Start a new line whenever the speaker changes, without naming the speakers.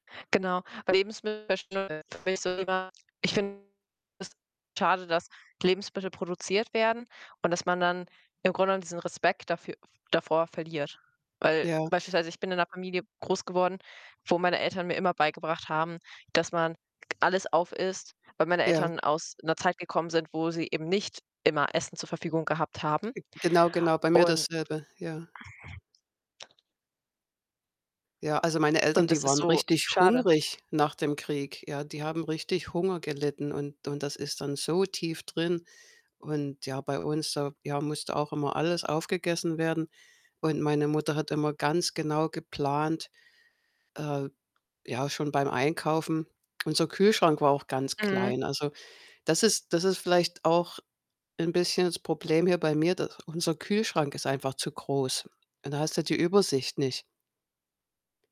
Genau. Weil Lebensmittel verschwenden finde ich so schade, ich finde das schade, dass Lebensmittel produziert werden und dass man dann im Grunde genommen diesen Respekt dafür davor verliert. Weil
Ja.
beispielsweise ich bin in 'ner Familie groß geworden, wo meine Eltern mir immer beigebracht haben, dass man g alles aufisst, weil meine
Ja.
Eltern aus 'ner Zeit gekommen sind, wo sie eben nicht immer Essen zur Verfügung gehabt haben.
Äh, g genau, genau, bei mir
Und
dasselbe, ja. Ja, also, meine Eltern,
Und das
die
ist
waren
so
richtig
schade.
hungrig nach dem Krieg, ja? Die haben richtig Hunger gelitten und und das ist dann so tief drin. Und ja, bei uns, da ja, musste auch immer alles aufgegessen werden. Und meine Mutter hat immer ganz genau geplant, äh, ja, schon beim Einkaufen. Unser Kühlschrank war auch ganz
Mhm.
klein. Also, das ist das ist vielleicht auch 'n bisschen das Problem hier bei mir, dass unser Kühlschrank ist einfach zu groß. Und da hast du die Übersicht nicht.